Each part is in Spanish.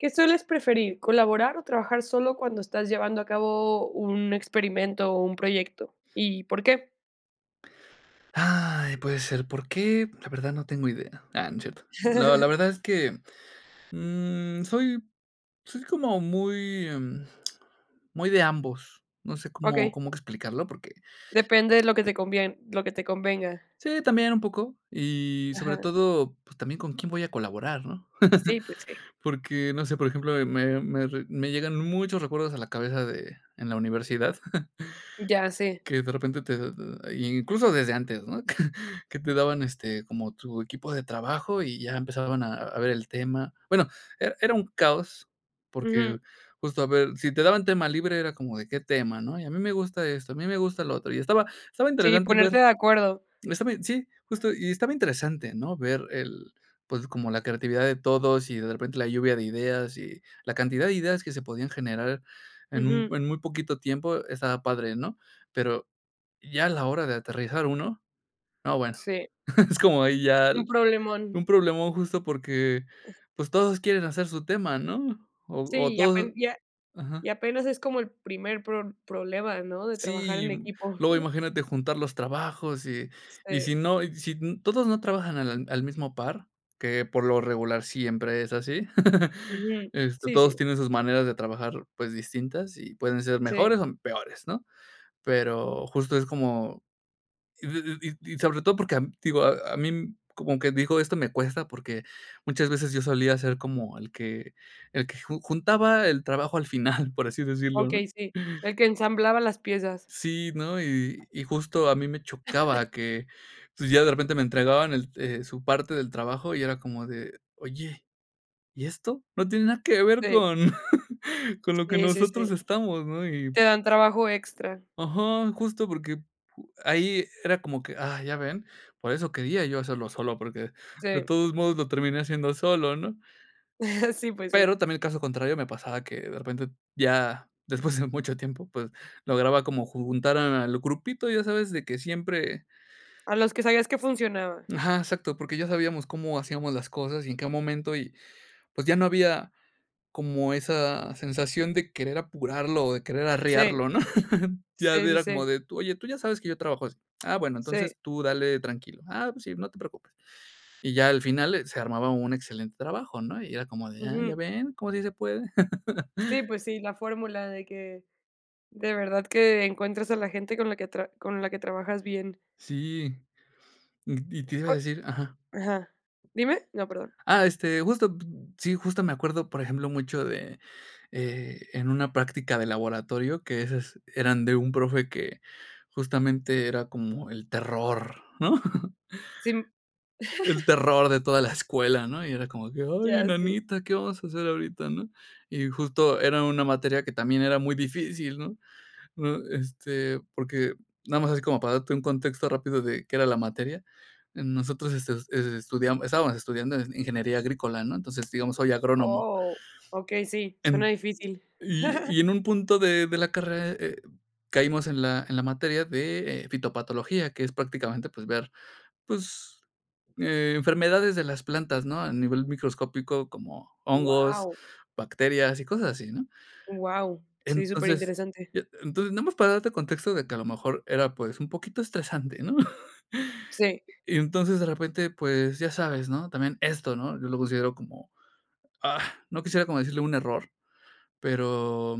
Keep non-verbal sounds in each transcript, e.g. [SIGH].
¿Qué sueles preferir? ¿Colaborar, o trabajar solo cuando estás llevando a cabo un experimento, o un proyecto? ¿Y por qué? Ay, puede ser, ¿por qué? La verdad no tengo idea. Ah, no cierto. No la [CHUCKLES] verdad es que, mm, soy soy como muy, mm, [SMACKS LIPS] muy de ambos, no sé cómo Okey. cómo que explicarlo, porque. Depende de lo que te conviene lo que te convenga. Sí, también un poco, y sobre Ajá. todo, pues, también con quién voy a colaborar, ¿no? Sí, pues sí. [CHUCKLES] Porque, no sé, por ejemplo, me me me re llegan muchos recuerdos a la cabeza de en la universidad, Ya [CHUCKLES] sé. que de repente te incluso desde antes, ¿no? [CHUCKLES] Que te daban, este, como tu equipo de trabajo, y ya empezaban a a ver el tema. Bueno, era era un caos, porque Ujú. justo a ver, si te daban tema libre era como de qué tema, ¿no? Y a mí me gusta esto, a mí me gusta lo otro, y estaba estaba Sí, interesante ver, ponerte de acuerdo. está bien, sí, justo, y estaba interesante, ¿no? Ver el, pues, como la creatividad de todos, y de repente la lluvia de ideas, y la cantidad de ideas que se podían generar en un Ujú. en muy poquito tiempo estaba padre, ¿no? Pero ya a la hora de aterrizar uno, no, bueno, Sí. es como ahí ya Un problemón. un problemón justo porque, pues, todos quieren hacer su tema, ¿no? O o Sí, y ya todos ajá. y apenas es como el primer pro problema, ¿no? De trabajar Sí, en equipo. luego [CHUCKLES] imagínate juntar los trabajos, y y Sí. si no, si n todos no trabajan al al mismo par, que por lo regular siempre es así. [CHUCKLES] Ujú. Este, Sí, todos sí. tienen sus maneras de trabajar, pues, distintas, y pueden ser Sí. mejores, o, peores, ¿no? Pero justo es como y id d d sobre todo porque, te digo, a a mí como quien dijo, esto me cuesta, porque muchas veces yo solía ser como, el que el que ju juntaba el trabajo al final, por así decirlo, ¿no? Okey, sí, el que ensamblaba las piezas. Sí, ¿no? Y y justo a mí me chocaba [COUGHS] que, pues, ya de repente me entregaban e el su parte del trabajo, y era como de: "Oye, ¿y esto? No tiene nada que ver Sí. con con lo que Sí, sí, sí. nosotros estamos," ¿no? Y. Te dan trabajo extra. Ajá, justo porque ahí era como que, ah, ¿ya ven? Por eso quería yo hacerlo solo, porque de Sí. todos modos lo terminé haciendo solo, ¿no? [CHUCKLES] Sí, pues sí. Pero también el caso contrario me pasaba que de repente ya después de mucho tiempo, pues, lograba como ju juntar al grupito, ya sabes, de que siempre. A los que sabías que funcionaba. Ajá, exacto, porque ya sabíamos cómo hacíamos las cosas y en qué momento y, pues ya no había como esa sensación de querer apurarlo, o, de querer Sí. arrearlo, ¿no? [CHUCKLES] Ya Sí, sí, era como sí. de, oye, tú ya sabes que yo trabajo así. Ah, bueno, Sí. entonces tú dale tranquilo. Ah, pues sí, no te preocupes. Y ya al final, eh, se armaba un excelente trabajo, ¿no? Y era como de: "Ah, ya Ujú. ven, ¿cómo sí se puede?" Sí, [CHUCKLES] pues sí, la fórmula de que de verdad que encuentras a la gente con la que con la que tra trabajas bien. Sí, y y te iba a O decir ajá. ajá. ¿Dime? No, perdón. Ah, este, justo, sí, justo me acuerdo, por ejemplo, mucho de, eh, en una práctica de laboratorio, que esas eran de un profe que justamente era como el terror, ¿no? Sí. [CHUCKLES] El [CHUCKLES] terror de toda la escuela, ¿no? Y era como que: "Ay, en Ya, sí. nanita, ¿qué vamos a hacer ahorita?" ¿No? Y justo era una materia que también era muy difícil, ¿no? Este, porque nada más es como para darte un contexto rápido de qué era la materia. Nosotros estudiamos estábamos estudiando ingeniería agrícola, ¿no? Entonces, digamos, soy agrónomo. Oh, okey, sí, suena En, difícil. y [CHUCKLES] y en un punto de de la carrera, eh, caímos en la en la materia de, eh, fitopatología, que es prácticamente, pues, ver, pues, eh, enfermedades de las plantas, ¿no? A nivel microscópico, como hongos, Guau. bacterias y cosas así, ¿no? Guau, sí, super Entonces, interesante. y e entonces, nada más para darte contexto de que a lo mejor era, pues, un poquito estresante, ¿no? Sí. [CHUCKLES] Y entonces, de repente, pues, ya sabes. ¿No? También esto. ¿No? Yo lo considero como, ah, no quisiera como decirle un error. Pero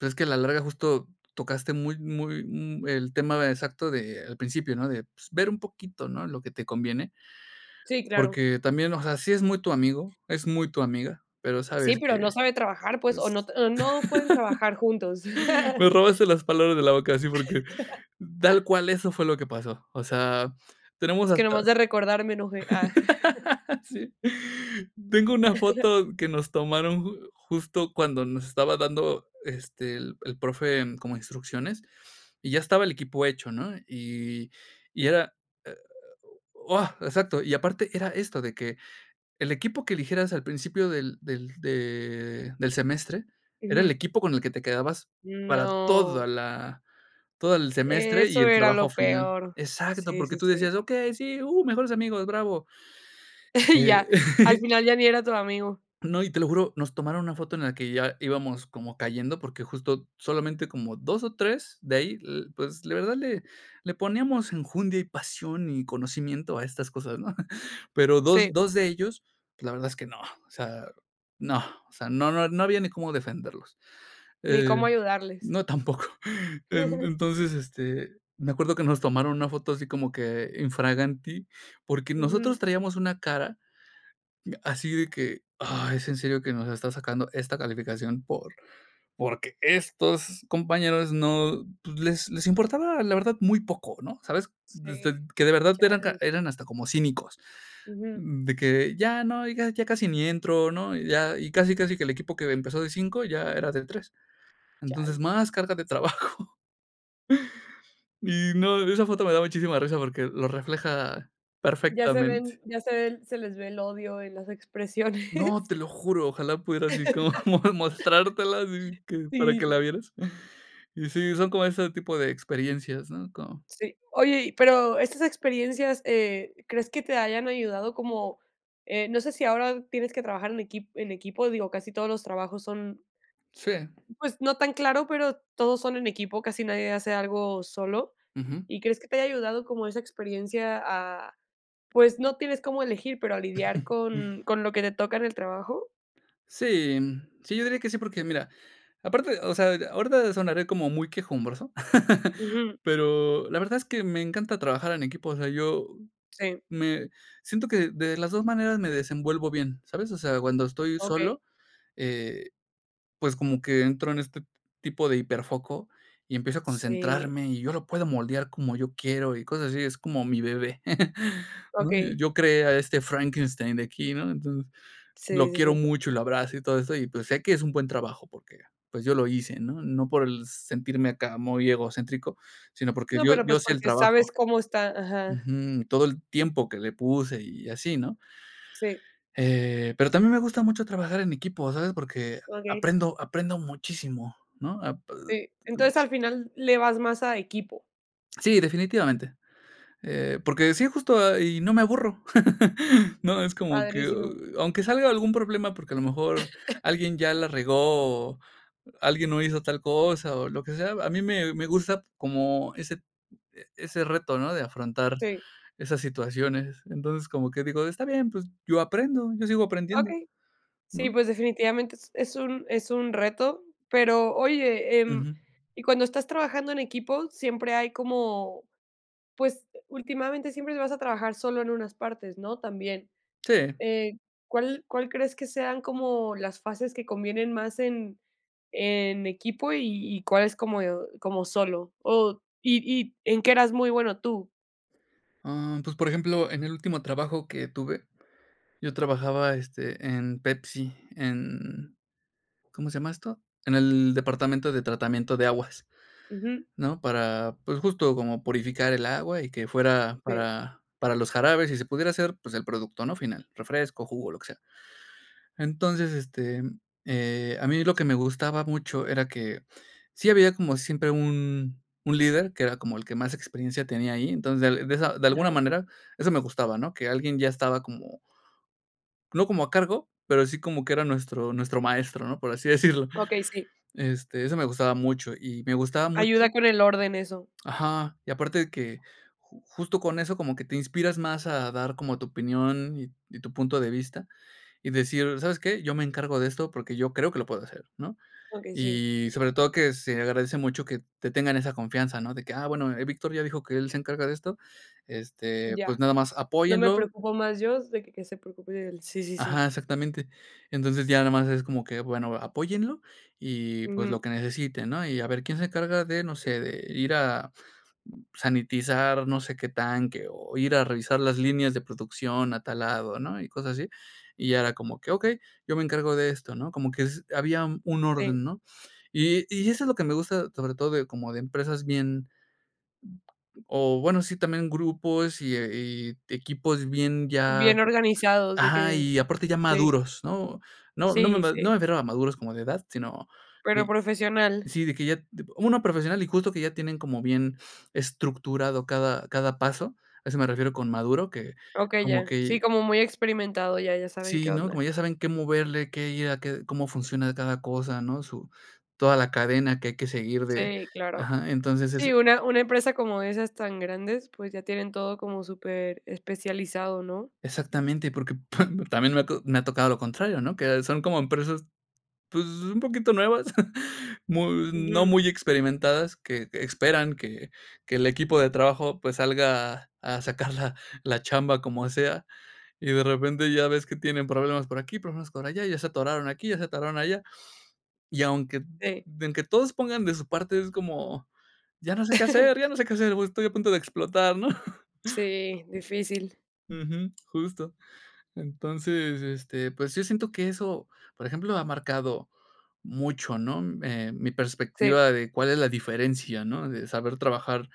es que a la larga justo tocaste muy muy el tema exacto de al principio, ¿no? De, pues, ver un poquito, ¿no? Lo que te conviene, Sí, claro. porque también, o sea, sí es muy tu amigo, es muy tu amiga, pero Sí, sabes pero no que, sabe trabajar, pues, o no pues, o no pueden trabajar juntos. [CHUCKLES] me [LAUGHS] robaste las palabras de la boca así porque tal [LAUGHS] cual eso fue lo que pasó. O sea, tenemos Es que hasta nomás de recordarme, me enoje, ah. [CHUCKLES] [LAUGHS] sí. Tengo una [CHUCKLES] foto que nos tomaron ju justo cuando nos estaba dando, este, el el profe como instrucciones, y ya estaba el equipo hecho, ¿no? Y y era, e o, ah, exacto. Y aparte era esto, de que el equipo que eligieras al principio del del de del semestre era el Ujú. equipo con el que te quedabas para toda No. la todo el semestre y Eso el era trabajo lo final. peor. Exacto, Sí, porque sí, tú sí. decías: "Okey, sí, mejores amigos, bravo." [CHUCKLES] Ya, Eh. al [CHUCKLES] final ya ni era tu amigo. No, y te lo juro, nos tomaron una foto en la que ya íbamos como cayendo, porque justo solamente como 2 o 3 de ahí, le pues, de verdad, le le poníamos enjundia, y pasión y conocimiento a estas cosas, [CHUCKLES] ¿no? Pero dos, Sí. dos de ellos, la verdad es que no, o sea, no, o sea, no no no había ni cómo defenderlos. Ni Eh, cómo ayudarles. no, tampoco. E [CHUCKLES] entonces, este, me acuerdo que nos tomaron una foto así como que infraganti, porque nosotros Ujú. traíamos una cara así de que: "Ay, es en serio que nos está sacando esta calificación por porque estos compañeros no, pues, les les importaba, la verdad, muy poco", ¿no? ¿Sabes? Sí. Que de verdad eran Chale. eran hasta como cínicos. Ujú. De que ya no, y ya casi ni entro, ¿no? Y ya y casi casi que el equipo que empezó de 5 ya era de 3 Entonces, Chale. más carga de trabajo Y no, esa foto me da muchísima risa porque lo refleja Ya se perfectamente. ven ya se ven se les ve el odio y las No, expresiones. te lo juro, ojalá pudiera así como mo mostrártela así [LAUGHS] que para Sí, que la sí. vieras. Y sí, son como ese tipo de experiencias, ¿no? Como. Sí. Oye, pero estas experiencias, eh, ¿crees que te hayan ayudado como? Eh, no sé sí ahora tienes que trabajar en equipo en equipo, digo, casi todos los trabajos son. Sí. Pues, no tan claro, pero todos son en equipo, casi nadie hace algo solo. Ujú. ¿Y crees que te haya ayudado como esa experiencia a, pues, no tienes cómo elegir, pero a lidiar con [CHUCKLES] con lo que te toca en el trabajo? Sí, sí, yo diría que sí, porque mira, aparte, o sea, ahorita sonaré como muy quejumbroso, [LAUGHS] ¿verdad? Ujú. Pero la verdad es que me encanta trabajar en equipo, o sea, yo Sí. me siento que de las 2 maneras me desenvuelvo bien, ¿sabes? O sea, cuando estoy Okey. solo, eh, pues como que entro en este tipo de híperfoco y empiezo a Sí. concentrarme, y yo lo puedo moldear como yo quiero y cosas así, es como mi bebé, [CHUCKLES] ¿no? Okey. Yo creé a este Frankenstein de aquí, ¿no? Entonces, Sí, lo sí, quiero sí. mucho y lo abrazo y todo eso, y pues sé que es un buen trabajo porque, pues yo lo hice, ¿no? No por el sentirme acá muy egocéntrico, sino porque No, yo pero yo pues sé el porque sabes trabajo cómo está, ajá. ujú, todo el tiempo que le puse y así, ¿no? Sí. Eh, pero también me gusta mucho trabajar en equipo, ¿sabes? Porque Okey. aprendo aprendo muchísimo, ¿no? apr. Okey. Entonces, al final le vas más a equipo. Sí, definitivamente. Eh, porque sí, justo, y no me aburro. [LAUGHS] No, es como que, Padrísimo. aunque salga algún problema, porque a lo mejor [COUGHS] alguien ya la regó, o alguien no hizo tal cosa, o lo que sea, a mí me me gusta como ese ese reto, ¿no? De afrontar Sí. esas situaciones. Entonces, como que digo, está bien, pues, yo aprendo, yo sigo aprendiendo, Okey. Sí, ¿no? pues, definitivamente es es un es un reto, pero oye, em, Ujú. y cuando estás trabajando en equipo, siempre hay como, pues, últimamente siempre vas a trabajar solo en unas partes, ¿no? También. Sí. Eh, ¿cuál cuál crees que sean como las fases que convienen más en en equipo y y cuáles como como solo? O y y ¿en qué eras muy bueno tú? Em, pues, por ejemplo, en el último trabajo que tuve, yo trabajaba, este, en Pepsi, en, ¿cómo se llama esto? En el departamento de tratamiento de aguas, Ujú. ¿no? Para, pues, justo como purificar el agua y que fuera Sí. para para los jarabes y se pudiera hacer, pues, el producto ¿no? final, refresco, jugo, lo que sea. Entonces, este, eh, a mí lo que me gustaba mucho era que sí había como siempre un un líder que era como el que más experiencia tenía ahí. Entonces, de esa de alguna Ajá. manera, eso me gustaba, ¿no? Que alguien ya estaba como. No como a cargo, pero sí como que era nuestro nuestro maestro, ¿no? Por así decirlo. Okey, sí. Este, eso me gustaba mucho, y me gustaba Ayuda mucho. con el orden eso. Ajá. Y aparte de que ju justo con eso, como que te inspiras más a dar como tu opinión y y tu punto de vista, y decir, ¿sabes qué? yo me encargo de esto, porque yo creo que lo puedo hacer, ¿no? Okey, sí. Y sobre todo que se agradece mucho que te tengan esa confianza, ¿no? De que, ah, bueno, Víctor ya dijo que él se encarga de esto, este, pues Ya. nada más No me apóyenlo preocupo más yo, se que que se preocupe él sí, sí, sí. Ajá, exactamente. Entonces, ya nada más es como que, bueno, apóyenlo y, pues, lo Ujú. que necesite, ¿no? Y a ver quién se encarga de, no sé, de ir a, mm, sanitizar, no sé qué tanque, o ir a revisar las líneas de producción a tal lado, ¿no? Y cosas así, y ya era como que: "Okey, yo me encargo de esto", ¿no? Como que es había un un Sí. orden, ¿no? Y y eso es lo que me gusta, sobre todo de como de empresas bien. O bueno, sí, también grupos y, eh, y equipos bien ya Bien organizados, de ajá, que. y aparte ya Sí. maduros, ¿no? No no me Sí, me no sí. me refiero a maduros como de edad, sino, Pero id profesional. si, de que ya, tipo una profesional y justo que ya tienen como bien estructurado cada cada paso, a eso me refiero con maduro, que Okey, como ya. que. Sí, como muy experimentado, ya ya saben qué Sí, ¿no? onda. Como ya saben qué moverle, qué ir a, qué cómo funciona cada cosa, ¿no? Su toda la cadena que hay que seguir de, Sí, claro. ajá. Entonces, es Sí, una una empresa como esas tan grandes, pues ya tienen todo como superespecializado, ¿no? Exactamente, porque pam también me ha to me ha tocado lo contrario, ¿no? Que son como empresas, pues, un poquito nuevas, [CHUCKLES] mu no Ujú. muy experimentadas, que que esperan que que el equipo de trabajo, pues, salga a sacar la la chamba como sea. Y de repente ya ves que tienen problemas por aquí, problemas por allá, ya se atoraron aquí, ya se atoraron allá. Y aunque Sí. aunque todos pongan de su parte, es como, ya no sé qué [CHUCKLES] hacer, ya no sé qué hacer, voy estoy a punto de explotar, ¿no? Sí, difícil. Ujú. Justo. Entonces este, pues sí siento que eso, por ejemplo, ha marcado mucho, ¿no? Eh, mi Sí. perspectiva de cuál es la diferencia, ¿no? De saber trabajar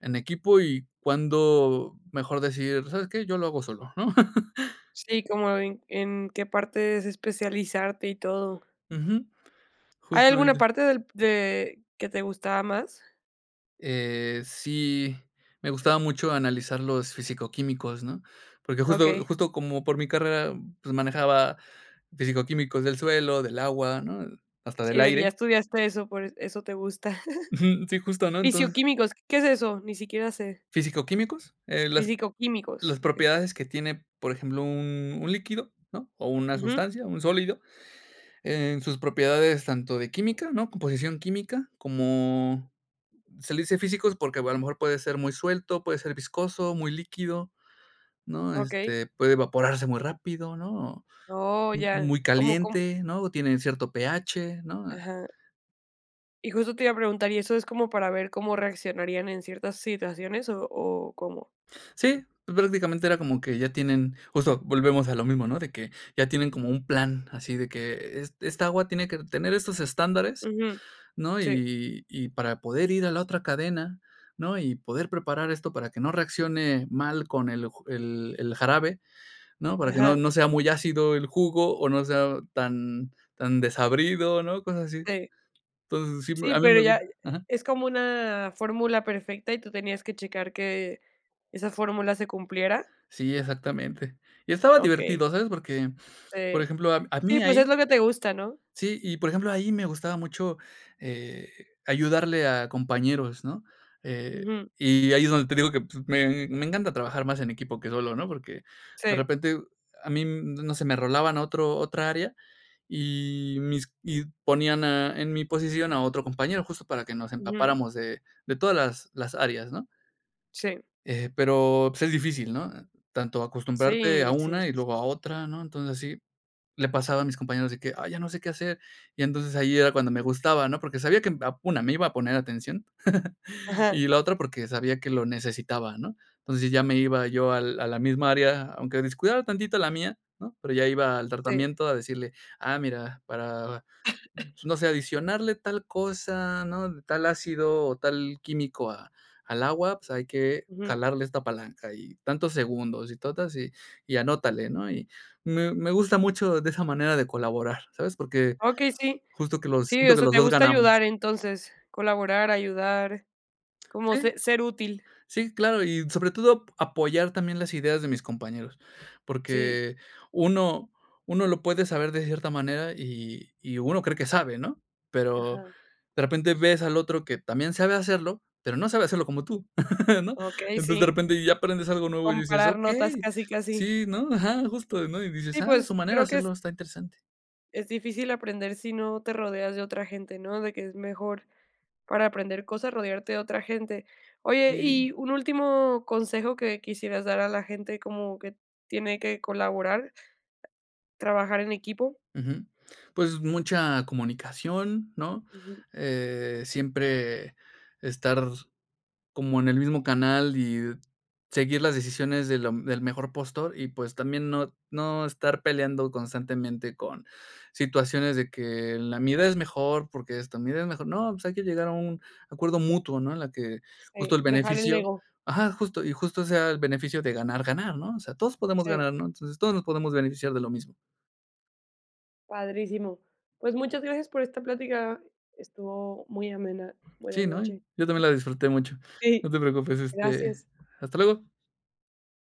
en equipo y cuándo mejor decir, ¿sabes qué? Yo lo hago solo, ¿no? [LAUGHS] Sí, como en en qué parte es especializarte y todo. Ujú. ¿Hay alguna Justamente parte del de que te gustaba más? Eh. Sí, me gustaba mucho analizar los fisico-químicos, ¿no? Porque justo Okey. justo como por mi carrera, pues manejaba fisico-químicos del suelo, del agua, ¿no? Hasta Sí, del de que ya aire. estudiaste eso, por eso te gusta. Ujú. Sí, [CHUCKLES] justo, ¿no? Entonces Fisio-químicos, ¿qué es eso? Ni siquiera sé. ¿Fisico-químicos? Eh, las Físico-químicos, las okey. propiedades que tiene, por ejemplo, un un líquido, ¿no? O una Ujú. sustancia, un sólido, en sus propiedades tanto de química, ¿no? Composición química, como se le dice físicos porque o a lo mejor puede ser muy suelto, puede ser viscoso, muy líquido, ¿no? Okey. Este, puede evaporarse muy rápido, ¿no? Oh, Mu ya, muy ¿cómo? ¿cómo? caliente, ¿no? O tienen cierto pH, ¿no? Ajá. Y justo te iba a preguntar, ¿y eso es como para ver cómo reaccionarían en ciertas situaciones o o cómo? Sí, pues, prácticamente era como que ya tienen, justo volvemos a lo mismo, ¿no? De que ya tienen como un plan así de que e esta agua tiene que tener estos estándares, Ujú, ¿no? sí. Y y para poder ir a la otra cadena, ¿no? Y poder preparar esto para que no reaccione mal con el ju el el jarabe, ¿no? Para que no Ajá. no sea muy ácido el jugo o no sea tan tan desabrido, ¿no? Cosas así. Sí. Entonces, sí, Sí, a mi pero me gu ya, ajá. ¿es como una fórmula perfecta y tú tenías que checar que esa fórmula se cumpliera? Sí, exactamente. Y estaba Okey. divertido, ¿sabes? Porque, por Eh, ejemplo, a sí mí pues es ahí. lo que te gusta, ¿no? Sí, y, por ejemplo, ahí me gustaba mucho, eh, ayudarle a compañeros, ¿no? Eh, Ujú. y ahí es donde te digo que, pues, me me encanta trabajar más en equipo que solo, ¿no? Porque de Sí. repente a mí, no sé, me rolaban otro otra área, y mis y ponían a en mi posición a otro compañero, justo para que nos Ujú. empapáramos de de todas las las áreas, ¿no? Sí. Eh, pero, pues es difícil, ¿no? Tanto acostumbrarte a Sí, sí, una y sí, luego a sí. otra, ¿no? Entonces, así le pasaba a mis compañeros de que: "Ay, ya no sé qué hacer". Y entonces, ahí era cuando me gustaba, ¿no? Porque sabía que, una, me iba a poner atención, [CHUCKLES] Ajá. y la otra porque sabía que lo necesitaba, ¿no? Entonces, ya me iba yo al a la misma área, aunque descuidaba tantito la mía, ¿no? Pero ya iba al Sí. tratamiento a decirle: "Ah, mira, para, [COUGHS] no sé, adicionarle tal cosa, ¿no? Tal ácido o tal químico a al agua, pues hay que Ujú. jalarle esta palanca y tantos segundos y totas y y anótale," ¿no? Y me me gusta mucho de esa manera de colaborar. ¿Sabes? Porque Okey, sí. justo que los Sí, siento o que sea, los te dos gusta ganamos. ayudar entonces, colaborar, ayudar, como Sí. se ser útil. Sí, claro. Y sobre todo a apoyar también las ideas de mis compañeros. Sí. Porque uno uno lo puede saber de cierta manera y y uno cree que sabe, ¿no? Pero Ajá. de repente ves al otro que también sabe hacerlo, pero no sabe hacerlo como tú, [CHUCKLES] ¿no? Okey, Entonces, de sí. repente ya aprendes algo nuevo y dices: Comparar notas "Okey," casi, casi. sí, ¿no? Ajá, justo, ¿no? Y dices: Y "Ah, a su pues, manera de creo que es. hacerlo, está interesante." Es difícil aprender si no te rodeas de otra gente, ¿no? De que es mejor para aprender cosas rodearte de otra gente. Oye, Y. y un último consejo que quisieras dar a la gente como que tiene que colaborar. Trabajar en equipo. Ujú, pues, mucha comunicación, ¿no? Ujú. Eh, siempre estar como en el mismo canal y seguir las decisiones de lo del mejor postor y, pues, también no no estar peleando constantemente con situaciones de que la mi idea es mejor porque esto, la mi idea es mejor. No, pues, hay que llegar a un acuerdo mutuo, ¿no? En la que justo Sí, el dejar el beneficio, ego. ajá, justo y justo sea el beneficio de ganar-ganar, ¿no? O sea, todos podemos Sí. ganar, ¿no? Entonces, todos nos podemos beneficiar de lo mismo. Padrísimo. Pues muchas gracias por esta plática. Estuvo muy amena. Buena Sí, ¿no? noche. Yo también la disfruté mucho. No Sí. te preocupes, este, Gracias. hasta luego.